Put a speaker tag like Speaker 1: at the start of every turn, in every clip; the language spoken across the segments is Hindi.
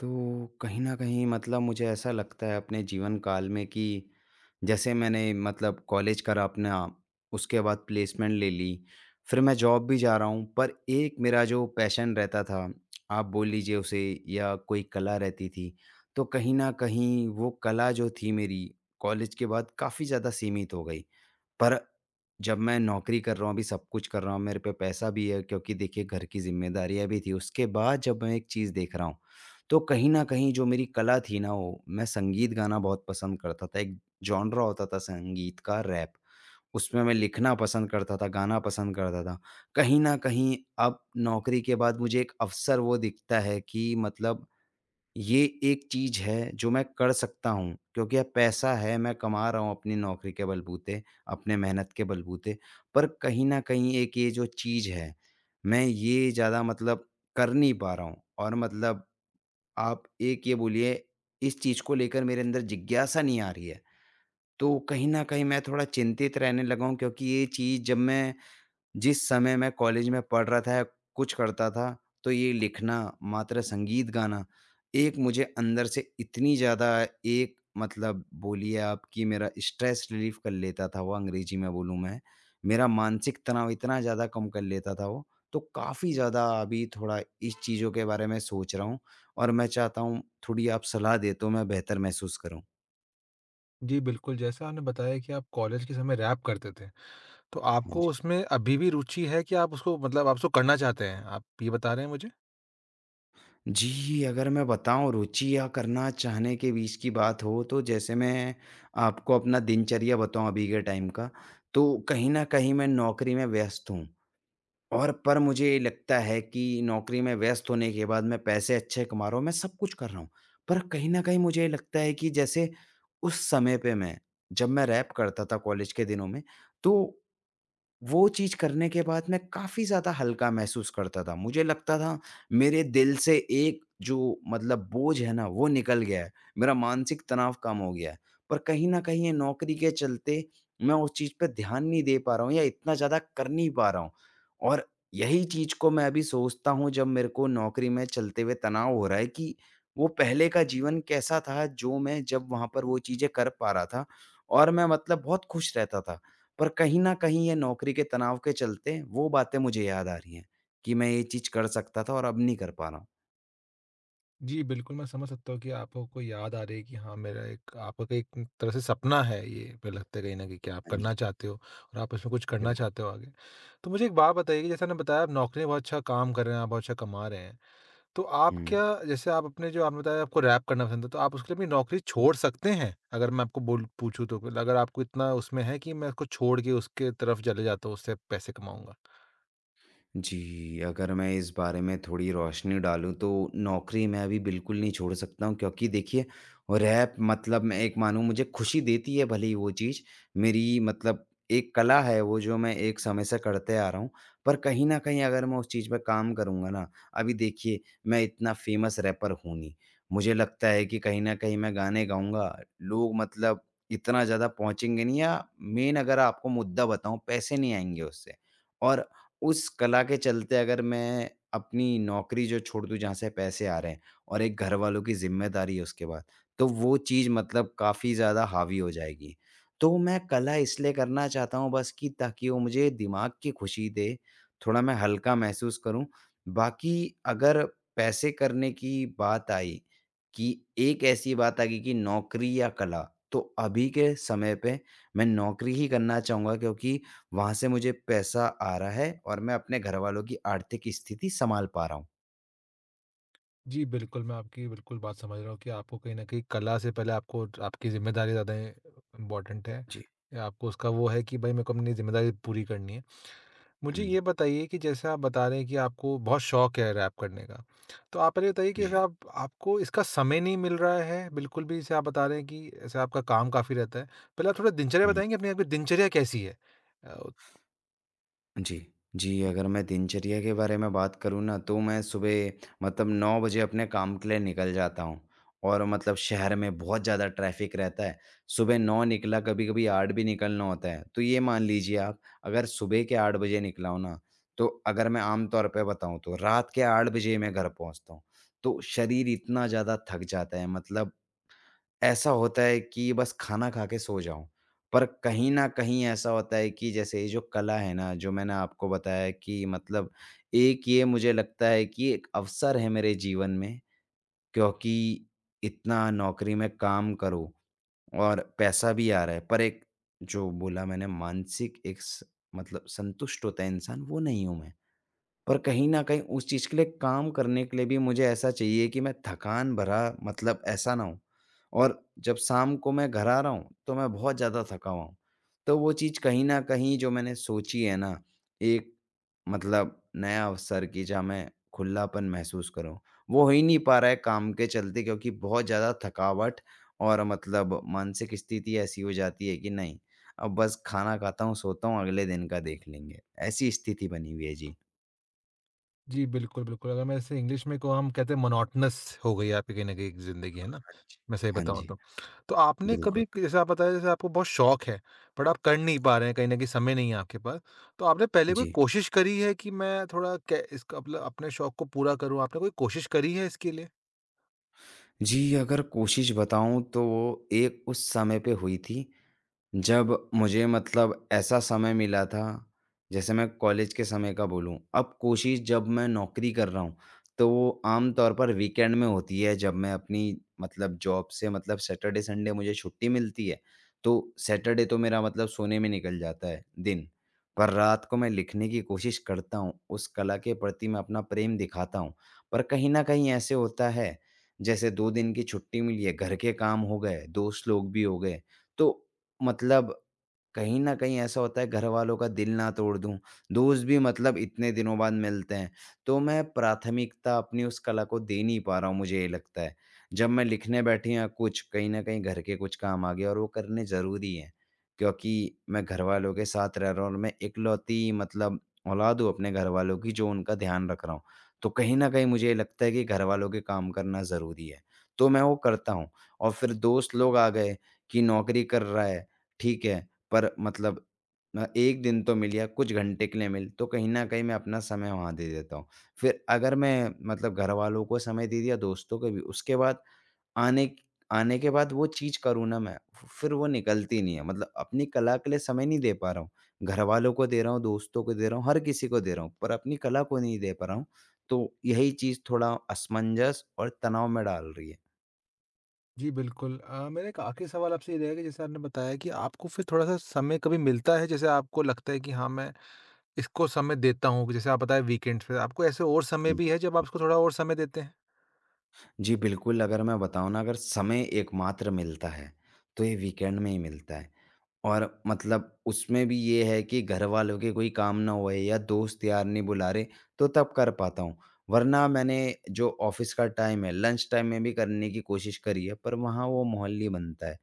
Speaker 1: तो कहीं न कहीं, मतलब मुझे ऐसा लगता है अपने जीवनकाल में कि जैसे मैंने मतलब कॉलेज करा अपना, उसके बाद प्लेसमेंट ले ली, फिर मैं जॉब भी जा रहा हूँ। पर एक मेरा जो पैशन रहता था, आप बोल लीजिए उसे, या कोई कला रहती थी, तो कहीं न कहीं वो कला जो थी मेरी, कॉलेज के बाद काफ़ी ज़्यादा सीमित हो गई। पर जब मैं नौकरी कर रहा हूँ, अभी सब कुछ कर रहा हूँ, मेरे पे पैसा भी है, क्योंकि देखिए, घर की ज़िम्मेदारियाँ भी थीं। उसके बाद जब मैं एक चीज़ देख रहा हूँ, तो कहीं न कहीं जो मेरी कला थी ना वो। मैं संगीत गाना बहुत पसंद करता था। एक जॉनर होता था संगीत का, रैप। उसमें मैं लिखना पसंद करता था, गाना पसंद करता था। कहीं न कहीं, अब नौकरी के बाद मुझे एक अवसर वो दिखता है कि मतलब ये एक चीज़ है, जो मैं कर सकता हूँ। क्योंकि अब पैसा है, मैं कमा रहा हूँ अपनी नौकरी के बलबूते, अपने मेहनत के बलबूते। पर कहीं न कहीं एक ये जो चीज़ है, मैं ये ज़्यादा मतलब कर नहीं पा रहा हूँ, और मतलब आप एक ये बोलिए, इस चीज़ को लेकर मेरे अंदर जिज्ञासा नहीं आ रही है। तो कहीं न कहीं मैं थोड़ा चिंतित रहने लगा हूँ, क्योंकि ये चीज़ जब मैं जिस समय मैं कॉलेज में पढ़ रहा था या कुछ करता था, तो ये लिखना, मात्र संगीत गाना, एक मुझे अंदर से इतनी ज़्यादा एक मतलब बोलिए आप कि मेरा स्ट्रेस रिलीफ़ कर लेता था वो, अंग्रेज़ी में बोलूँ मैं। मेरा मानसिक तनाव इतना ज़्यादा कम कर लेता था वो, तो काफ़ी ज़्यादा अभी थोड़ा इस चीज़ों के बारे में सोच रहा हूँ, और मैं चाहता हूँ, थोड़ी आप सलाह दें, तो मैं बेहतर महसूस करूँ।
Speaker 2: जी, बिल्कुल। जैसा आपने बताया कि आप कॉलेज के समय रैप करते थे। तो
Speaker 1: हाँ
Speaker 2: आपको
Speaker 1: जी।
Speaker 2: उसमें अभी भी रूचि है कि आप उसको मतलब आप उसको करना चाहते हैं? आप ये बता रहे हैं मुझे?
Speaker 1: जी, अगर मैं बताऊँ, रुचि या करना चाहने के बीच की बात हो, तो जैसे मैं आपको अपना दिनचर्या बताऊँ अभी के टाइम का, तो कहीं न कहीं मैं नौकरी में व्यस्त हूँ। और पर मुझे ये लगता है कि नौकरी में व्यस्त होने के बाद मैं पैसे अच्छे कमा रहा हूँ, मैं सब कुछ कर रहा हूँ। पर कहीं न कहीं मुझे लगता है कि जैसे उस समय पे मैं, जब मैं रैप करता था कॉलेज के दिनों में, तो, वो चीज़ करने के बाद मैं काफ़ी ज़्यादा हल्का महसूस करता था। मुझे लगता था, मेरे दिल से एक जो मतलब बोझ है ना, वो निकल गया है। मेरा मानसिक तनाव कम हो गया है। पर कहीं न कहीं ये नौकरी के चलते, मैं उस चीज़ पे ध्यान नहीं दे पा रहा हूँ, या इतना ज़्यादा कर नहीं पा रहा हूँ। और यही चीज़ को मैं अभी सोचता हूँ, जब मेरे को नौकरी में चलते हुए तनाव हो रहा है कि वो पहले का जीवन कैसा था, जो मैं जब वहाँ पर वो चीज़ें कर पा रहा था और मैं मतलब बहुत खुश रहता था। पर कहीं न कहीं, ये नौकरी के तनाव के चलते वो बातें मुझे याद आ रही हैं कि मैं ये चीज़ कर सकता था और अब नहीं कर पा रहा हूँ।
Speaker 2: जी, बिल्कुल मैं समझ सकता हूँ कि आपको कोई याद आ रही है कि हाँ, मेरा एक आप का एक तरह से सपना है ये जो लगता है कहीं न कहीं क्या आप
Speaker 1: हाँ जी।
Speaker 2: करना चाहते हो और आप उसमें कुछ करना
Speaker 1: बिल्क
Speaker 2: चाहते हो आगे। तो मुझे एक बात बताइए कि जैसा आपने बताया आप नौकरी में बहुत अच्छा काम कर रहे हैं, आप बहुत अच्छा कमा रहे हैं। तो आप
Speaker 1: हुँ।
Speaker 2: क्या जैसे आप अपने जो आपने बताया आपको रैप करना पसंद है, तो आप उसके लिए अपनी नौकरी छोड़ सकते हैं? अगर मैं आपको बोलूँ पूछूँ तो अगर आपको इतना उसमें है कि मैं उसको छोड़ के उसके तरफ चले जाता हूँ उससे पैसे कमाऊँगा?
Speaker 1: जी, अगर मैं इस बारे में थोड़ी रोशनी डालूँ तो नौकरी मैं अभी बिल्कुल नहीं छोड़ सकता हूँ, क्योंकि देखिए रैप मतलब मैं एक मानू मुझे खुशी देती है भले ही वो चीज़, मेरी मतलब एक कला है वो जो मैं एक समय से करते आ रहा हूँ। पर कहीं न कहीं अगर मैं उस चीज़ पे काम करूँगा ना अभी देखिए, मैं इतना फ़ेमस रैपर हूँ नहीं। मुझे लगता है कि कहीं न कहीं मैं गाने गाऊँगा, लोग मतलब इतना ज़्यादा पहुँचेंगे नहीं या मेन अगर आपको मुद्दा बताऊँ, पैसे नहीं आएँगे उससे और उस कला के चलते अगर मैं अपनी नौकरी जो छोड़ दूँ, जहाँ से पैसे आ रहे हैं और एक घरवालों की ज़िम्मेदारी है उसके बाद, तो वो चीज़ मतलब काफ़ी ज़्यादा हावी हो जाएगी। तो मैं कला इसलिए करना चाहता हूँ बस कि ताकि वो मुझे दिमाग की खुशी दे, थोड़ा मैं हल्का महसूस करूँ, बाकी अगर पैसे करने की बात आई, कि एक ऐसी बात आ गई कि नौकरी या कला, तो अभी के समय पे मैं नौकरी ही करना चाहूँगा क्योंकि वहाँ से मुझे पैसा आ रहा है और मैं अपने घरवालों की आर्थिक स्थिति सँभाल पा रहा हूँ।
Speaker 2: जी बिल्कुल, मैं आपकी ये बिल्कुल बात समझ रहा हूँ कि आपको कहीं न कहीं कला से पहले आपको ज आपकी ज़िम्मेदारी ज़्यादा इ इम्पोर्टेंट है।
Speaker 1: जी।
Speaker 2: आपको उसका वो है कि भई मेरे को अपनी ज़िम्मेदारीयाँ पूरी करनी है। मुझे
Speaker 1: हुँ।
Speaker 2: ये बताइए कि जैसे आप बता रहे हैं कि आपको बहुत शौक है रैप करने का। तो आप पहले ये बताइए कि
Speaker 1: जी।
Speaker 2: आप आपको इसका समय नहीं मिल रहा है, बिल्कुल भी जैसे आप बता रहे हैं कि जैसे आपका काम काफ़ी रहता है। पहले आप थोड़ा दिनचर्या
Speaker 1: हुँ।
Speaker 2: बताएँगे अपनी आपकी दिनचर्या कैसी है? अ
Speaker 1: जी। जी, अगर मैं दिनचर्या के बारे में बात करूँ ना तो मैं सुबह मतलब 9 बजे अपने काम के लिए निकल जाता हूँ और मतलब शहर में बहुत ज़्यादा ट्रैफ़िक रहता है सुबह 9 निकला, कभी-कभी 8 भी निकलना होता है। तो ये मान लीजिए आप अगर सुबह के 8 बजे निकला हूँ ना तो अगर मैं आम तौर पे बताऊँ तो रात के 8 बजे ही मैं घर पहुँचता हूँ। तो शरीर इतना ज़्यादा थक जाता है, मतलब, ऐसा होता है कि बस खाना खा के सो जाऊँ। पर कहीं न कहीं ऐसा होता है कि जैसे ये जो कला है ना जो मैंने आपको बताया है कि मतलब एक ये मुझे लगता है कि एक अवसर है मेरे जीवन में क्योंकि इतना नौकरी में काम करो और पैसा भी आ रहा है पर एक जो बोला मैंने मानसिक एक स मतलब संतुष्ट होता है इंसान, वो नहीं हूँ मैं। और कहीं न कहीं उस चीज़ के लिए काम करने के लिए भी मुझे ऐसा चाहिए कि मैं थकान भरा मतलब ऐसा ना होऊँ और जब शाम को मैं घर आ रहा हूँ तो मैं बहुत ज़्यादा थका हुआ हूँ। तो वो चीज़ कहीं न कहीं जो मैंने सोची है ना एक मतलब नया अवसर की, जहाँ मैं खुलापन महसूस करूँ। वो हो ही नहीं पा रहा है काम के चलते क्योंकि बहुत ज़्यादा थकावट और मतलब मानसिक स्थिति ऐसी हो जाती है कि नहीं अब बस खाना खाता हूँ सोता हूँ, अगले दिन का देख लेंगे। ऐसी स्थिति बनी हुई है। जी।
Speaker 2: जी, बिल्कुल, बिल्कुल। अगर मैं इसे इंग्लिश में कहूँ, हम कहते हैं मोनोटोनस हो गई है आपकी कहीं न कहीं एक ज़िंदगी, है ना?
Speaker 1: हाँ जी,
Speaker 2: मैं सही
Speaker 1: हाँ
Speaker 2: बताऊँ
Speaker 1: जी।
Speaker 2: तो। तो आपने
Speaker 1: बिल्कुल।
Speaker 2: कभी क स जैसे आप बताए जैसे आपको बहुत शौक़ है, बट आप कर नहीं पा रहे हैं, कहीं न कहीं समय नहीं है आपके पास। तो आपने पहले कोई
Speaker 1: जी।
Speaker 2: कोशिश करी है कि मैं थोड़ा क्या इसका मतलब अपने शौक़ को पूरा करूँ? आपने कोई कोशिश करी है इसके लिए?
Speaker 1: जी, अगर कोशिश बताऊँ तो एक उस समय पे हुई थी। जब मुझे मतलब ऐसा समय मिला था, जैसे मैं कॉलेज के समय का बोलूँ अब कोशिश जब मैं नौकरी कर रहा हूँ, तो आमतौर पर वीकेंड में होती है जब मैं अपनी मतलब जॉब से मतलब सैटरडे, संडे मुझे छुट्टी मिलती है। तो सैटरडे तो मेरा मतलब सोने में निकल जाता है दिन। पर रात को मैं लिखने की कोशिश करता हूँ, उस कला के प्रति मैं अपना प्रेम दिखाता हूँ, पर कहीं न कहीं ऐसे होता है, जैसे 2 दिन की छुट्टी मिली है, घर के काम हो गए, दोस्त लोग भी हो गए। तो, मतलब कहीं न कहीं ऐसा होता है घरवालों का दिल ना तोड़ दूँ, दोस्त भी मतलब इतने दिनों बाद मिलते हैं, तो मैं प्राथमिकता अपनी उस कला को दे नहीं पा रहा हूँ मुझे ये लगता है। जब मैं लिखने बैठें या कुछ, कहीं न कहीं घर के कुछ काम आ गए और वो करने ज़रूरी हैं। क्योंकि मैं घरवालों के साथ रह रहा हूँ और मैं इकलौती मतलब औलाद हूँ अपने घरवालों की, जो उनका ध्यान रख रहा हूँ। तो कहीं न कहीं मुझे ये लगता है कि घरवालों के काम करना ज़रूरी है, तो मैं वो करता हूँ और फिर दोस्त लोग आ गए, कि नौक़री कर रहा है, ठीक है पर मतलब म 1 दिन तो मिल या कुछ घंटे के लिए मिल, तो कहीं न कहीं मैं अपना समय वहाँ दे देता हूँ। फिर अगर मैं मतलब घरवालों को समय दे दिया, दोस्तों को भी, उसके बाद आने क आने के बाद वो चीज़ करूँ ना मैं फि फिर वो निकलती नहीं है, मतलब अपनी कला के लिए समय नहीं दे पा रहा हूँ। घरवालों को दे रहा हूँ, दोस्तों को दे रहा हूँ, हर किसी को दे रहा हूँ पर अपनी कला को नहीं दे पा रहा हूँ। तो यही चीज़ थोड़ा असमंजस और तनाव में डाल रही है।
Speaker 2: जी बिल्कुल अ, मेरा एक आख़िरी सवाल आपसे ये रहेगा कि जैसे आपने बताया कि आपको फिर थोड़ा-सा समय कभी मिलता है जैसे आपको लगता है कि हाँ मैं इसको समय देता हूँ, जैसे आप बताए वीकेंड्स पे। आपको ऐसे और समय
Speaker 1: हुँ,
Speaker 2: भी है जब आप
Speaker 1: हुँ।
Speaker 2: इसको थोड़ा और समय देते हैं?
Speaker 1: जी बिल्कुल, अगर मैं बताऊँ ना अगर समय एकमात्र मिलता है तो ये वीकेंड में ही मिलता है। और मतलब उसमें भी ये है कि घरवालों के कोई काम ना हो या दोस्त यार नहीं बुला रहे, तो तब कर पाता हूँ। वरना मैंने जो ऑफ़िस का टाइम है, लंच टाइम में भी करने की कोशिश करी है पर वहाँ वो माहौल नहीं बनता है।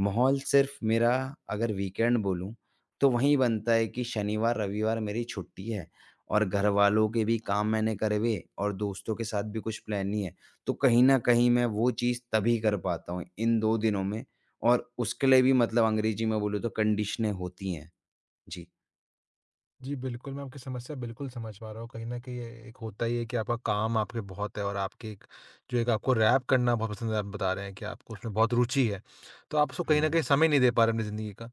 Speaker 1: माहौल सिर्फ़ मेरा अगर वीकेंड बोलूँ तो वहीं बनता है कि शनिवार रविवार मेरी छुट्टी है। और घरवालों के भी काम मैंने करे हुए और दोस्तों के साथ भी कुछ प्लान नहीं है। तो कहीं न कहीं मैं वो चीज़ तभी कर पाता हूँ इन 2 दिनों में और उसके लिए भी मतलब अंग्रेजी में बोलूँ तो कंडीशनें होती हैं। जी।
Speaker 2: जी, बिल्कुल, मैं आपकी समस्या बिल्कुल समझ पा रहा हूँ। कहीं न कहीं एक होता ही है कि आपका काम आपके बहुत है और आपके एक जो एक आपको रैप करना बहुत पसंद है, आप बता रहे हैं कि आपको उसमें बहुत रूचि है। तो आप उसको कहीं न कहीं
Speaker 1: हुँ।
Speaker 2: समय नहीं दे पा रहे हैं अपनी ज़िंदगी का।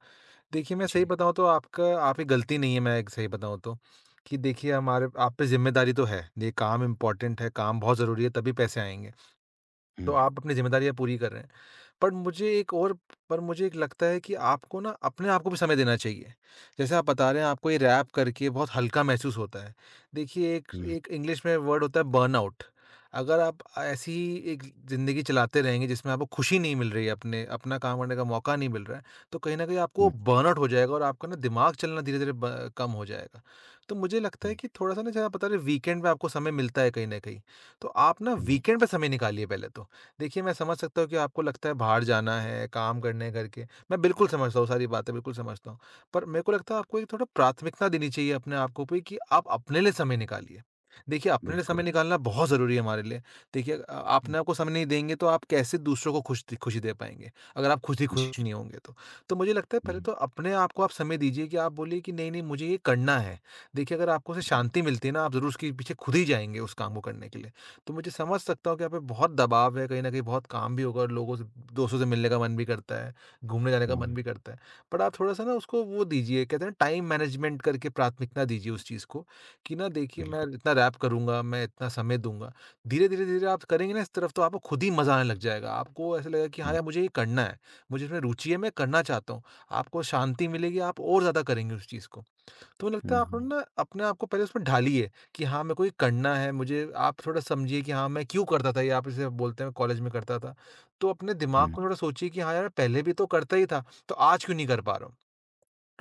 Speaker 2: देखिए मैं सही
Speaker 1: जी।
Speaker 2: बताऊँ तो आपका आपकी गलती नहीं है, मैं एक सही बताऊँ तो। कि देखिए हमारे आप पे ज़िम्मेदारी तो है, ये काम इम्पोर्टेंट है, काम बहुत ज़रूरी है तभी पैसे आएँगे। तो
Speaker 1: हुँ।
Speaker 2: आप अपनी जिम्मेदारियाँ पूरी कर रहे हैं। पर मुझे एक और पर मुझे एक लगता है कि आपको ना अपने आपको भी समय देना चाहिए। जैसे आप बता रहे हैं आपको ये रैप करके बहुत हल्का महसूस होता है। देखिए एक
Speaker 1: हुँ।
Speaker 2: एक इंग्लिश में वर्ड होता है बर्नआउट। अगर आप ऐसी ही एक ज़िंदगी चलाते रहेंगे जिसमें आपको खुशी नहीं मिल रही है अपने अपना काम करने का मौका नहीं मिल रहा है, तो कहीं न कहीं आपको
Speaker 1: हुँ।
Speaker 2: बर्नआउट हो जाएगा और आपका ना दिमाग चलना धीरे-धीरे ब कम हो जाएगा। तो मुझे लगता है
Speaker 1: हुँ।
Speaker 2: कि थोड़ा-सा ना ज़्यादा पता रहे वीकेंड में आपको समय मिलता है कहीं न कहीं। तो आप ना
Speaker 1: हुँ।
Speaker 2: वीकेंड पे समय निकालिए पहले तो। देखिए मैं समझ सकता हूँ कि आपको लगता है बाहर जाना है, काम करने हैं घर के, मैं बिल्कुल समझता हूँ सारी बातें, बिल्कुल समझता हूँ। पर मेरे को लगता है आपको एक थोड़ा प्राथमिकता देनी चाहिए अपने आप पे कि आप अपने लिए समय निकालिए। देखिए अपने लिए समय
Speaker 1: बिल्कुल।
Speaker 2: निकालना बहुत ज़रूरी है हमारे लिए। देखिए अ,
Speaker 1: हुँ।
Speaker 2: अपने आप को समय नहीं देंगे तो आप कैसे दूसरों को खुश द खुशी दे पाएँगे। अगर आप खुद ही
Speaker 1: जी।
Speaker 2: खुश नहीं होंगे तो। तो मुझे लगता है पहले
Speaker 1: हुँ।
Speaker 2: तो अपने आप को आप समय दीजिए कि आप बोलिए कि नहीं-नहीं मुझे ये करना है। देखिए अगर आपको उससे शांति मिलती है ना आप ज़रूर उसके पीछे खुद ही जाएँगे उस काम को करने के लिए। तो मुझे समझ सकता हूँ कि आप पे बहुत दबाव है। कहीं न कहीं बहुत काम भी होगा और लोगों से दोस्तों से मिलने का मन भी करता है, घूमने जाने का मन
Speaker 1: हुँ।
Speaker 2: भी करता है। बट आप थोड़ा-सा ना उसको वो दीजिए, कहते हैं ना टाइम मैनेजमेंट करके प्राथमिकता दीजिए उस चीज़ को कि ना देखिए मैं
Speaker 1: बिल्कुल।
Speaker 2: इतना रैप करूँगा, मैं इतना समय दूँगा, धीरे-धीरे, धीरे-धीरे आप करेंगे ना इस तरफ़ तो आपको खुद ही मज़ा आने लग जाएगा। आपको ऐसा लगेगा कि हाँ
Speaker 1: हुँ।
Speaker 2: यार मुझे ये करना है। मुझे इसमें रूचि है मैं करना चाहता हूँ। आपको शांति मिलेगी आप और ज़्यादा करेंगे उस चीज़ को। तो लगता
Speaker 1: हुँ,
Speaker 2: है आप
Speaker 1: हुँ।
Speaker 2: ना अपने को पहले उसमें ढालिए कि हाँ, मेरे को ये करना है, मुझे आप थोड़ा समझिए कि हाँ, मैं क्यों करता था ये आप जैसे बोलते हैं कॉलेज में करता था। तो अपने दिमाग
Speaker 1: हुँ।
Speaker 2: को थोड़ा सोचिए कि हाँ यार पहले भी तो करता ही था, तो आज क्यों नहीं कर पा रहा हूँ?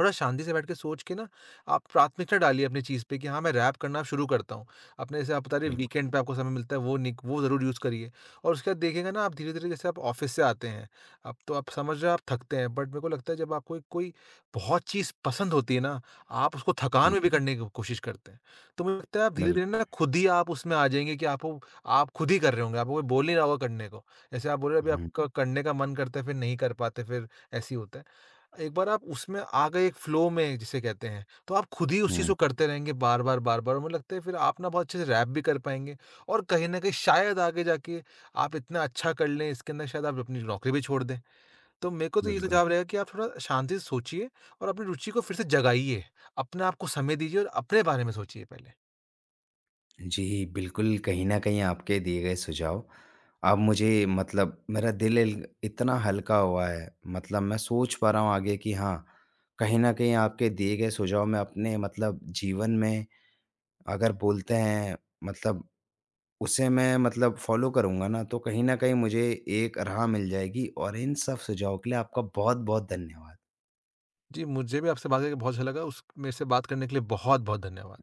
Speaker 2: थोड़ा शांति से बैठ के सोच के ना आप प्राथमिकता डालिए अपनी चीज़ पे कि हाँ मैं रैप करना शुरू करता हूँ। अपने जैसे आप बता रहे हैं
Speaker 1: बिल्कुल।
Speaker 2: वीकेंड पे आपको समय मिलता है वो निक वो ज़रूर यूज़ करिए। और उसके बाद देखिएगा ना आप धीरे-धीरे जैसे आप ऑफ़िस से आते हैं। अब तो आप समझ रहे हो आप थकते हैं। बट मेरे को लगता है जब आपको कोई-कोई बहुत चीज़ पसंद होती है ना, आप उसको थकान
Speaker 1: हुँ।
Speaker 2: में भी करने की कोशिश करते हैं। तो मुझे लगता है आप धीरे-धीरे ना
Speaker 1: बिल्कुल।
Speaker 2: खुद ही आप उसमें आ जाएँगे कि आपको आप खुद ही कर रहे होंगे, आपको कोई बोल नहीं रहा होगा करने को। जैसे आप बोल रहे हो अभी
Speaker 1: हुँ।
Speaker 2: आपका करने का मन करता है फिर नहीं कर पाते फिर ऐसे ही होता है। एक बार आप उसमें आ गए एक फ्लो में जिसे कहते हैं, तो आप खुद ही उस चीज़ को
Speaker 1: हुँ।
Speaker 2: करते रहेंगे बार-बार, बार-बार मुझे लगता है फिर आप ना बहुत अच्छे से रैप भी कर पाएँगे और कहीं न कहीं शायद आगे जाके आप इतना अच्छा कर लें इसके अंदर शायद आप अपनी नौकरी भी छोड़ दें। तो मेरे को तो ये
Speaker 1: बिल्कुल।
Speaker 2: सुझाव रहेगा कि आप थोड़ा शांति से सोचिए और अपनी रूचि को फिर से जगाइए। अपने आपको समय दीजिए और अपने बारे में सोचिए पहले।
Speaker 1: जी बिल्कुल, कहीं न कहीं आपके दिए गए सुझाव अब मुझे मतलब मेरा दिल इतना हल्का हुआ है। मतलब मैं सोच पा रहा हूँ आगे कि हाँ, कहीं न कहीं आपके दिए गए सुझाव में अपने मतलब जीवन में अगर, बोलते हैं मतलब उसे मैं मतलब फ़ॉलो करूँगा ना तो कहीं न कहीं मुझे एक राह मिल जाएगी और इन सब सुझाव के लिए आपका बहुत-बहुत धन्यवाद।
Speaker 2: जी, मुझे भी आपसे बात करके बहुत अच्छा लगा। उस मेरे से बात करने के लिए बहुत-बहुत धन्यवाद।